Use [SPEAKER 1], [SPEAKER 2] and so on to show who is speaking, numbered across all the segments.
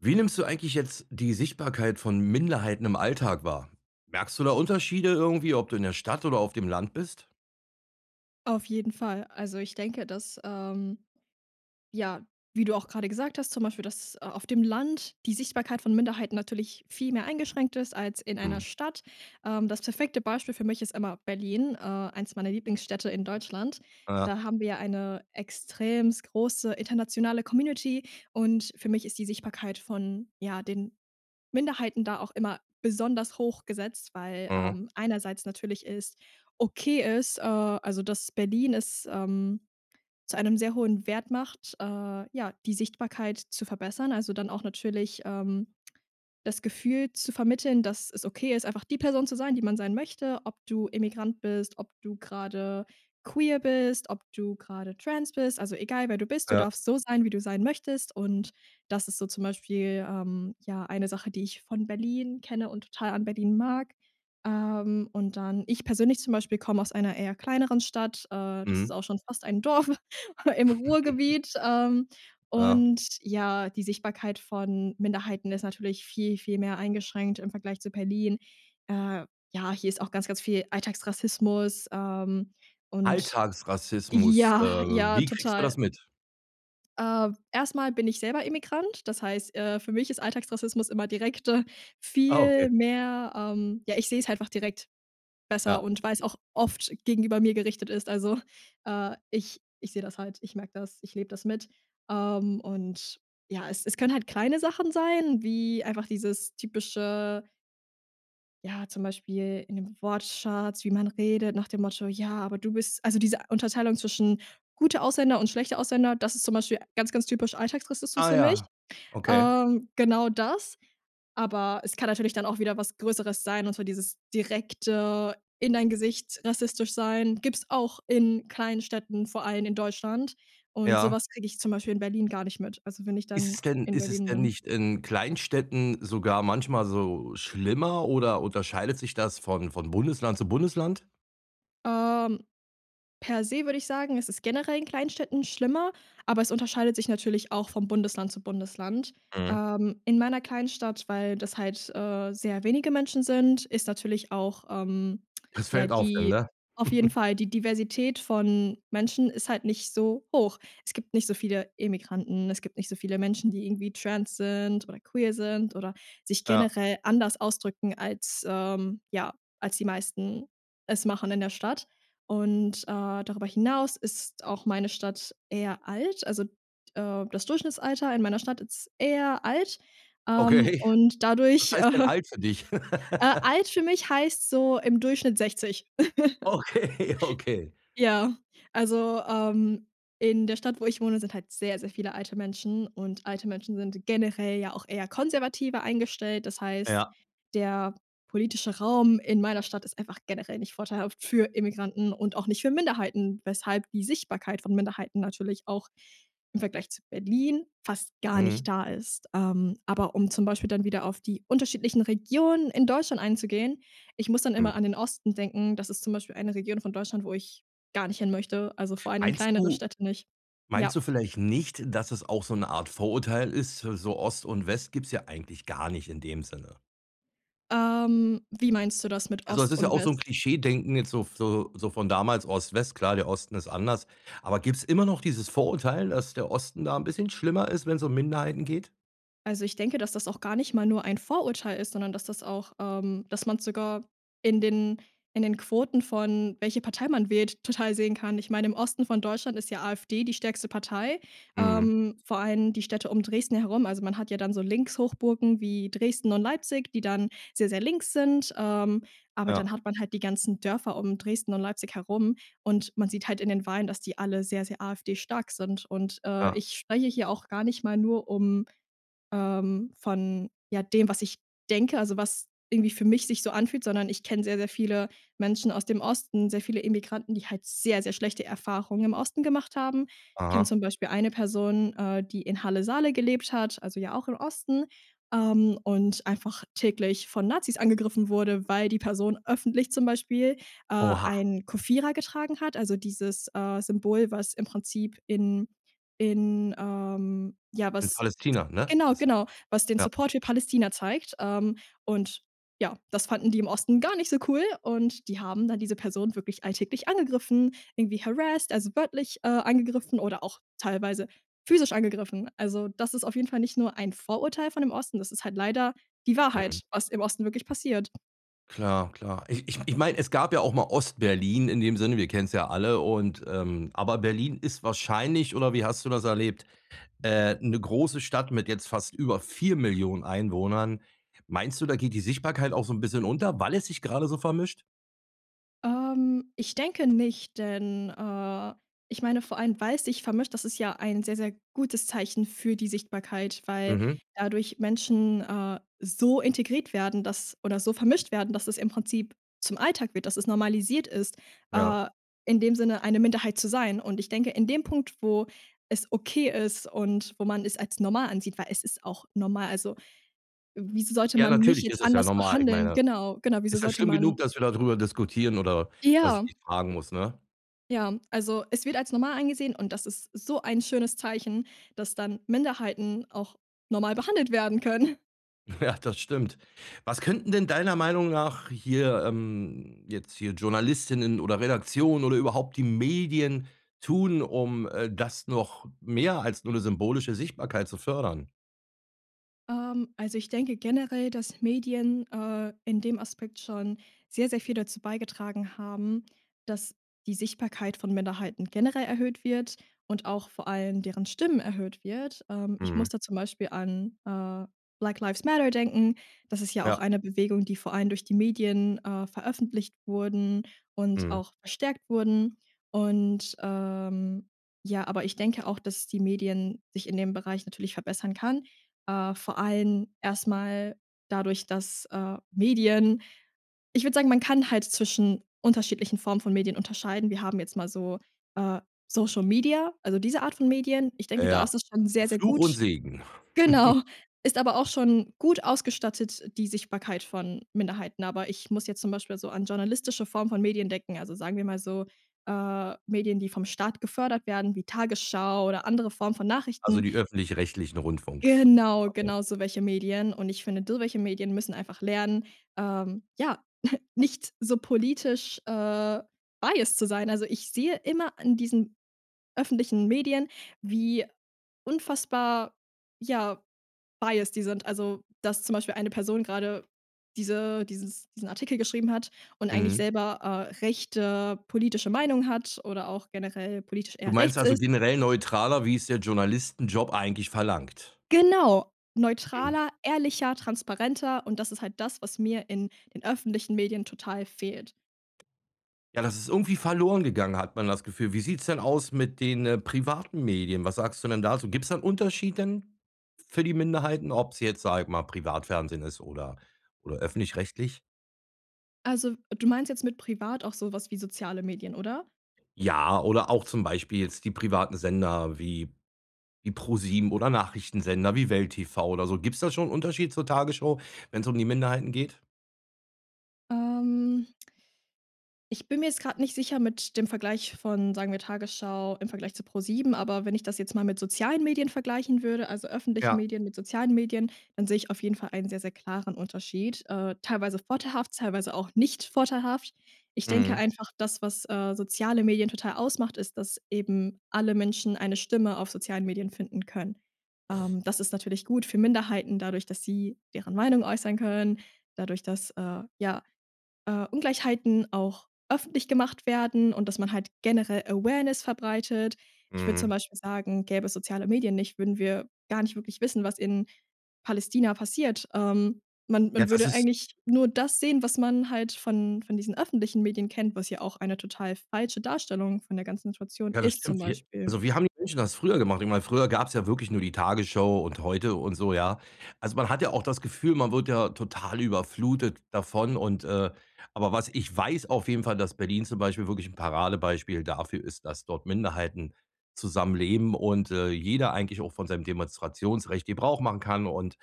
[SPEAKER 1] Wie nimmst du eigentlich jetzt die Sichtbarkeit von Minderheiten im Alltag wahr? Merkst du da Unterschiede, irgendwie, ob du in der Stadt oder auf dem Land bist?
[SPEAKER 2] Auf jeden Fall. Also, ich denke, dass, ähm ja, wie du auch grade gesagt hast, zum Beispiel, dass, äh, auf dem Land die Sichtbarkeit von Minderheiten natürlich viel mehr eingeschränkt ist, als in einer
[SPEAKER 1] Mhm.
[SPEAKER 2] Stadt. Ähm, das perfekte Beispiel für mich ist immer Berlin, äh, eins meiner Lieblingsstädte in Deutschland.
[SPEAKER 1] Ja.
[SPEAKER 2] Da haben wir ja eine extrem große, internationale Community und für mich ist die Sichtbarkeit von, ja, den Minderheiten da auch immer besonders hoch gesetzt, weil,
[SPEAKER 1] Mhm.
[SPEAKER 2] ähm, einerseits natürlich ist okay ist, äh also, dass Berlin ist, ähm, zu einem sehr hohen Wert macht, äh, ja, die Sichtbarkeit zu verbessern. Also, dann auch natürlich, ähm, das Gefühl zu vermitteln, dass es okay ist, einfach die Person zu sein, die man sein möchte, ob du Immigrant bist, ob du grade queer bist, ob du grade trans bist. Also, egal, wer du bist, du
[SPEAKER 1] Ja.
[SPEAKER 2] darfst so sein, wie du sein möchtest und das ist so zum Beispiel, ähm, ja eine Sache, die ich von Berlin kenne und total an Berlin mag. Ähm, und dann ich persönlich zum Beispiel komme aus einer eher kleineren Stadt, äh, das ist
[SPEAKER 1] Mhm.
[SPEAKER 2] auch schon fast ein Dorf, aber im Ruhrgebiet, ähm,
[SPEAKER 1] Ja.
[SPEAKER 2] und, ja, die Sichtbarkeit von Minderheiten ist natürlich viel, viel mehr eingeschränkt im Vergleich zu Berlin. Äh, ja, hier ist auch ganz, ganz viel Alltagsrassismus, ähm, und
[SPEAKER 1] Alltagsrassismus, äh,
[SPEAKER 2] ja, ja,
[SPEAKER 1] wie kriegst du das
[SPEAKER 2] total.
[SPEAKER 1] mit?
[SPEAKER 2] Äh. Erst mal bin ich selber Immigrant, das heißt, äh, für mich ist Alltagsrassismus immer direkt, äh,
[SPEAKER 1] Ah, okay.
[SPEAKER 2] viel mehr, ähm ja, ich sehe es einfach direkt besser
[SPEAKER 1] Ja.
[SPEAKER 2] und weil es auch oft gegenüber mir gerichtet ist. Also, äh, ich ich sehe das halt, ich merke das, ich lebe das mit. Ähm, und, ja, es es können halt kleine Sachen sein, wie einfach dieses typische ja, zum Beispiel in den Wortschatz, wie man redet nach dem Motto: „Ja, aber du bist "also, diese Unterteilung zwischen gute Ausländer und schlechte Ausländer, das ist zum Beispiel ganz, ganz typisch alltagsrassistisch
[SPEAKER 1] Ah
[SPEAKER 2] für mich.
[SPEAKER 1] ja, okay.
[SPEAKER 2] Ähm, genau das. Aber es kann natürlich dann auch wieder was Größeres sein und zwar dieses direkte in dein Gesicht rassistisch sein, gibt es auch in kleinen Städten, vor allem in Deutschland. Und so
[SPEAKER 1] Ja.
[SPEAKER 2] was kriege ich zum Beispiel in Berlin gar nicht mit, also, wenn ich
[SPEAKER 1] Ist
[SPEAKER 2] dann
[SPEAKER 1] es denn
[SPEAKER 2] in
[SPEAKER 1] ist es
[SPEAKER 2] Berlin
[SPEAKER 1] denn
[SPEAKER 2] bin.
[SPEAKER 1] nicht in Kleinstädten sogar manchmal so schlimmer oder unterscheidet sich das von von Bundesland zu Bundesland?
[SPEAKER 2] Ähm. Per se würde ich sagen, es ist generell in Kleinstädten schlimmer, aber es unterscheidet sich natürlich auch vom Bundesland zu Bundesland.
[SPEAKER 1] Mhm.
[SPEAKER 2] Ähm, in meiner kleinen Stadt, weil das halt, äh, sehr wenige Menschen sind, ist natürlich auch, ähm
[SPEAKER 1] Es
[SPEAKER 2] ja,
[SPEAKER 1] fällt auf dann,
[SPEAKER 2] die
[SPEAKER 1] ne?
[SPEAKER 2] auf jeden Fall, die Diversität von Menschen ist halt nicht so hoch. Es gibt nicht so viele Immigranten, es gibt nicht so viele Menschen, die irgendwie trans sind oder queer sind oder sich
[SPEAKER 1] Ja.
[SPEAKER 2] generell anders ausdrücken als, ähm ja, als die meisten es machen in der Stadt. Und, äh, darüber hinaus ist auch meine Stadt eher alt. Also, äh, das Durchschnittsalter in meiner Stadt ist eher alt, ähm,
[SPEAKER 1] Okay.
[SPEAKER 2] und
[SPEAKER 1] Was
[SPEAKER 2] dadurch
[SPEAKER 1] heißt denn
[SPEAKER 2] äh,
[SPEAKER 1] alt für dich?
[SPEAKER 2] alt für mich heißt so im Durchschnitt 60.
[SPEAKER 1] Okay, okay.
[SPEAKER 2] Ja, also, ähm, in der Stadt, wo ich wohne, sind halt sehr, sehr viele alte Menschen und alte Menschen sind generell ja auch eher konservativer eingestellt. Das heißt,
[SPEAKER 1] Ja.
[SPEAKER 2] der politische Raum in meiner Stadt ist einfach generell nicht vorteilhaft für Immigranten und auch nicht für Minderheiten, weshalb die Sichtbarkeit von Minderheiten natürlich auch im Vergleich zu Berlin fast gar nicht
[SPEAKER 1] Mhm.
[SPEAKER 2] da ist. Ähm, aber um zum Beispiel dann wieder auf die unterschiedlichen Regionen in Deutschland einzugehen, ich muss dann immer
[SPEAKER 1] Hm.
[SPEAKER 2] an den Osten denken. Das ist zum Beispiel eine Region von Deutschland, wo ich gar nicht hinmöchte. Also, vor allem in
[SPEAKER 1] Meinst
[SPEAKER 2] kleinere
[SPEAKER 1] du
[SPEAKER 2] Städte nicht. Ja.
[SPEAKER 1] meinst du vielleicht nicht, dass es auch so 'ne Art Vorurteil ist? So Ost und West gibt es ja eigentlich gar nicht in dem Sinne.
[SPEAKER 2] Ähm, wie meinst du das mit
[SPEAKER 1] Also, es
[SPEAKER 2] Ost
[SPEAKER 1] ist ja
[SPEAKER 2] und
[SPEAKER 1] auch so 'n
[SPEAKER 2] West?
[SPEAKER 1] Klischeedenken jetzt so so so von damals Ost-West, klar, der Osten ist anders. Aber gibt's immer noch dieses Vorurteil, dass der Osten da 'n bisschen schlimmer ist, wenn's um Minderheiten geht?
[SPEAKER 2] Also, ich denke, dass das auch gar nicht mal nur ein Vorurteil ist, sondern dass das auch ähm, dass man sogar in den in den Quoten von, welche Partei man wählt, total sehen kann. Ich meine, im Osten von Deutschland ist ja AfD die stärkste Partei,
[SPEAKER 1] Mhm.
[SPEAKER 2] ähm, vor allem die Städte um Dresden herum. Also, man hat ja dann so Linkshochburgen wie Dresden und Leipzig, die dann sehr, sehr links sind, ähm, aber dann
[SPEAKER 1] Ja.
[SPEAKER 2] hat man halt die ganzen Dörfer um Dresden und Leipzig herum und man sieht halt in den Wahlen, dass die alle sehr, sehr AfD-stark sind. Und, äh,
[SPEAKER 1] Ja.
[SPEAKER 2] ich spreche hier auch gar nicht mal nur um ähm, von, ja, dem, was ich denke, also, was irgendwie für mich sich so anfühlt, sondern ich kenne sehr, sehr viele Menschen aus dem Osten, sehr viele Immigranten, die halt sehr, sehr schlechte Erfahrungen im Osten gemacht haben. Kenne
[SPEAKER 1] Aha.
[SPEAKER 2] zum Beispiel eine Person, äh, die in Halle-Saale gelebt hat, also, ja auch im Osten, ähm, und einfach täglich von Nazis angegriffen wurde, weil die Person öffentlich zum Beispiel, äh,
[SPEAKER 1] Oha.
[SPEAKER 2] ein Kufira getragen hat. Also, dieses, äh, Symbol, was im Prinzip in in, ähm, ja,
[SPEAKER 1] In
[SPEAKER 2] was
[SPEAKER 1] Palästina, ne?
[SPEAKER 2] genau,
[SPEAKER 1] Also,
[SPEAKER 2] genau, was den
[SPEAKER 1] ja.
[SPEAKER 2] Support für Palästina zeigt, ähm, und ja, das fanden die im Osten gar nicht so cool und die haben dann diese Person wirklich alltäglich angegriffen, irgendwie harassed, also, wörtlich, äh, angegriffen oder auch teilweise physisch angegriffen. Also, das ist auf jeden Fall nicht nur ein Vorurteil von dem Osten, das ist halt leider die
[SPEAKER 1] Mhm.
[SPEAKER 2] Wahrheit, was im Osten wirklich passiert.
[SPEAKER 1] Klar, klar. Ich ich ich meine, es gab ja auch mal Ostberlin in dem Sinne, wir kennen's ja alle und ähm, aber Berlin ist wahrscheinlich, oder wie hast du das erlebt, äh 'ne große Stadt mit jetzt fast über 4.000.000 Einwohnern. Meinst du, da geht die Sichtbarkeit auch so 'n bisschen unter, weil es sich grade so vermischt?
[SPEAKER 2] Ähm, ich denke nicht, denn äh, ich meine vor allem, weil's sich vermischt, das ist ja ein sehr, sehr gutes Zeichen für die Sichtbarkeit, weil
[SPEAKER 1] Mhm.
[SPEAKER 2] dadurch Menschen, äh, so integriert werden, dass oder so vermischt werden, dass es im Prinzip zum Alltag wird, dass es normalisiert ist,
[SPEAKER 1] Ja.
[SPEAKER 2] äh, in dem Sinne eine Minderheit zu sein. Und ich denke, in dem Punkt, wo es okay ist und wo man es als normal ansieht, weil es ist auch normal. Also, wieso sollte
[SPEAKER 1] Ja,
[SPEAKER 2] man mich
[SPEAKER 1] natürlich
[SPEAKER 2] jetzt
[SPEAKER 1] ist es ja
[SPEAKER 2] anders
[SPEAKER 1] normal. Ich
[SPEAKER 2] behandeln?
[SPEAKER 1] meine,
[SPEAKER 2] Genau, genau. Wieso
[SPEAKER 1] ist ja
[SPEAKER 2] sollte
[SPEAKER 1] schlimm genug,
[SPEAKER 2] man
[SPEAKER 1] dass wir da drüber diskutieren oder dass ich
[SPEAKER 2] Ja.
[SPEAKER 1] dich fragen muss, ne?
[SPEAKER 2] Ja, also es wird als normal angesehen und das ist so ein schönes Zeichen, dass dann Minderheiten auch normal behandelt werden können.
[SPEAKER 1] Ja, das stimmt. Was könnten denn deiner Meinung nach hier ähm, jetzt hier Journalistinnen oder Redaktionen oder überhaupt die Medien tun, um, äh, das noch mehr als nur 'ne symbolische Sichtbarkeit zu fördern?
[SPEAKER 2] Ähm, also, ich denke generell, dass Medien, äh, in dem Aspekt schon sehr, sehr viel dazu beigetragen haben, dass die Sichtbarkeit von Minderheiten generell erhöht wird und auch vor allem deren Stimmen erhöht wird. Ähm, ich muss
[SPEAKER 1] Mhm.
[SPEAKER 2] da zum Beispiel an, äh, Black Lives Matter denken. Das ist ja auch
[SPEAKER 1] Ja.
[SPEAKER 2] eine Bewegung, die vor allem durch die Medien, äh, veröffentlicht wurden und
[SPEAKER 1] Mhm.
[SPEAKER 2] auch verstärkt wurden. Und, ähm, ja aber ich denke auch, dass die Medien sich in dem Bereich natürlich verbessern kann, äh, vor allem erstmal dadurch, dass, äh, Medien ich würde sagen, man kann halt zwischen unterschiedlichen Formen von Medien unterscheiden. Wir haben jetzt mal so, äh, Social Media, also, diese Art von Medien. Ich denke, da
[SPEAKER 1] Ja,
[SPEAKER 2] ist das schon sehr, sehr
[SPEAKER 1] Fluch und
[SPEAKER 2] gut.
[SPEAKER 1] Segen.
[SPEAKER 2] Genau, ist aber auch schon gut ausgestattet, die Sichtbarkeit von Minderheiten. Aber ich muss jetzt zum Beispiel so an journalistische Form von Medien denken. Also, sagen wir mal so, äh, Medien, die vom Staat gefördert werden wie Tagesschau oder andere Form von
[SPEAKER 1] Also,
[SPEAKER 2] Nachrichten.
[SPEAKER 1] die öffentlich rechtlichen Rundfunks
[SPEAKER 2] Genau,
[SPEAKER 1] okay.
[SPEAKER 2] genau so welche Medien. Und ich finde so welche Medien müssen einfach lernen, ähm, ja, nicht so politisch, äh, biased zu sein. Also, ich sehe immer in diesen öffentlichen Medien, wie unfassbar, ja, biased die sind. Also, dass zum Beispiel eine Person grade diese dieses diesen Artikel geschrieben hat und eigentlich
[SPEAKER 1] Mhm.
[SPEAKER 2] selber, äh, rechte politische Meinung hat oder auch generell politisch
[SPEAKER 1] Du
[SPEAKER 2] eher
[SPEAKER 1] meinst,
[SPEAKER 2] rechts
[SPEAKER 1] also,
[SPEAKER 2] ist.
[SPEAKER 1] generell neutraler, wie es der Journalistenjob eigentlich verlangt?
[SPEAKER 2] Genau,
[SPEAKER 1] Mhm.
[SPEAKER 2] neutraler, ehrlicher, transparenter und das ist halt das, was mir in den öffentlichen Medien total fehlt.
[SPEAKER 1] Ja, das ist irgendwie verloren gegangen, hat man das Gefühl. Wie sieht's denn aus mit den, äh, privaten Medien? Was sagst du denn da so? Gibt es da 'n Unterschied denn f für die Minderheiten, ob's jetzt, sage ich mal, Privatfernsehen ist oder oder öffentlich rechtlich?
[SPEAKER 2] Also, du meinst jetzt mit privat auch so was wie soziale Medien, oder?
[SPEAKER 1] Ja, oder auch zum Beispiel jetzt die privaten Sender wie wie ProSieben oder Nachrichtensender wie Welt TV oder so. Gibt's da schon 'n Unterschied zur Tagesschau, wenn's um die Minderheiten geht?
[SPEAKER 2] Ähm ich bin mir jetzt grade nicht sicher mit dem Vergleich von, sagen wir, Tagesschau im Vergleich zu ProSieben, aber wenn ich das jetzt mal mit sozialen Medien vergleichen würde, also, öffentlichen
[SPEAKER 1] Ja.
[SPEAKER 2] Medien mit sozialen Medien, dann sehe ich auf jeden Fall einen sehr, sehr klaren Unterschied. Äh, teilweise vorteilhaft, teilweise auch nicht vorteilhaft. Ich denke
[SPEAKER 1] Mhm.
[SPEAKER 2] einfach, das, was, äh, soziale Medien total ausmacht, ist, dass eben alle Menschen eine Stimme auf sozialen Medien finden können. Ähm, das ist natürlich gut für Minderheiten dadurch, dass sie deren Meinung äußern können, dadurch, dass, äh, ja, äh, Ungleichheiten auch öffentlich gemacht werden und dass man halt generell Awareness verbreitet. Ich würde zum
[SPEAKER 1] Mhm.
[SPEAKER 2] Beispiel sagen, gäbe es soziale Medien nicht, würden wir gar nicht wirklich wissen, was in Palästina passiert. Ähm, man
[SPEAKER 1] Ja,
[SPEAKER 2] man
[SPEAKER 1] das
[SPEAKER 2] würde
[SPEAKER 1] ist
[SPEAKER 2] eigentlich nur das sehen, was man halt von von diesen öffentlichen Medien kennt, was ja auch eine total falsche Darstellung von der ganzen Situation
[SPEAKER 1] Ja, das
[SPEAKER 2] ist, zum
[SPEAKER 1] stimmt wir
[SPEAKER 2] Beispiel.
[SPEAKER 1] also, wie haben die Menschen das früher gemacht? Ich meine, früher gab es ja wirklich nur die Tagesschau und heute und so, ja? Also, man hat ja auch das Gefühl, man wird ja total überflutet davon und ,äh aber was ich weiß auf jeden Fall, dass Berlin zum Beispiel wirklich 'n Paradebeispiel dafür ist, dass dort Minderheiten zusammenleben und, äh, jeder eigentlich auch von seinem Demonstrationsrecht Gebrauch machen kann und,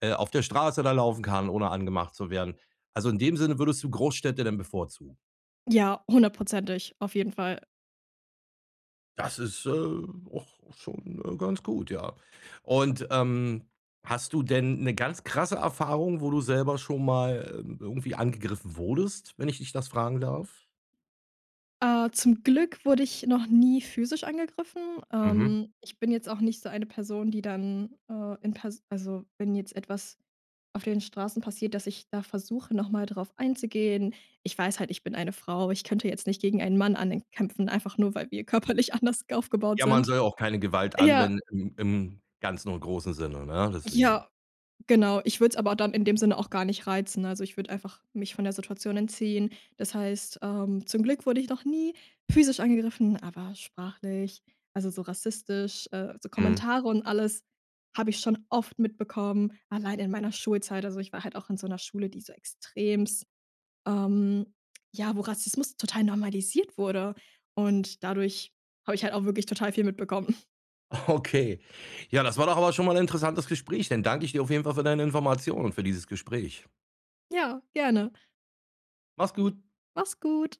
[SPEAKER 1] äh, auf der Straße da laufen kann, ohne angemacht zu werden. Also, in dem Sinne würdest du Großstädte denn bevorzugen.
[SPEAKER 2] Ja, hundertprozentig, auf jeden Fall.
[SPEAKER 1] Das ist, äh, auch schon, äh, ganz gut, ja. Und, ähm, hast du denn 'ne ganz krasse Erfahrung, wo du selber schon mal, äh, irgendwie angegriffen wurdest, wenn ich dich das fragen darf?
[SPEAKER 2] Äh. Zum Glück wurde ich noch nie physisch angegriffen.
[SPEAKER 1] Mhm.
[SPEAKER 2] Ähm. Ich bin jetzt auch nicht so eine Person, die dann, ähm, in pers also, wenn jetzt etwas auf den Straßen passiert, dass ich da versuche, noch mal drauf einzugehen. Ich weiß halt, ich bin eine Frau. Ich könnte jetzt nicht gegen einen Mann ankämpfen, einfach nur, weil wir körperlich anders aufgebaut
[SPEAKER 1] Ja, man
[SPEAKER 2] sind.
[SPEAKER 1] soll auch keine Gewalt
[SPEAKER 2] Ja.
[SPEAKER 1] anwenden im im ganzen und großen Sinne, ne, deswegen.
[SPEAKER 2] Ja, genau. Ich würde es aber dann in dem Sinne auch gar nicht reizen, ne? Also, ich würde einfach mich von der Situation entziehen. Das heißt, ähm, zum Glück wurde ich noch nie physisch angegriffen, aber sprachlich, also, so rassistisch, äh, so
[SPEAKER 1] Mhm.
[SPEAKER 2] Kommentare und alles habe ich schon oft mitbekommen, allein in meiner Schulzeit. Also, ich war halt auch in so 'ner Schule, die so extremst ähm, ja, wo Rassismus total normalisiert wurde. Und dadurch hab ich halt auch wirklich total viel mitbekommen.
[SPEAKER 1] Okay. Ja, das war doch aber schon mal 'n interessantes Gespräch, dann dank ich dir auf jeden Fall für deine Informationen, für dieses Gespräch.
[SPEAKER 2] Ja, gerne.
[SPEAKER 1] Mach's gut.
[SPEAKER 2] Mach's gut.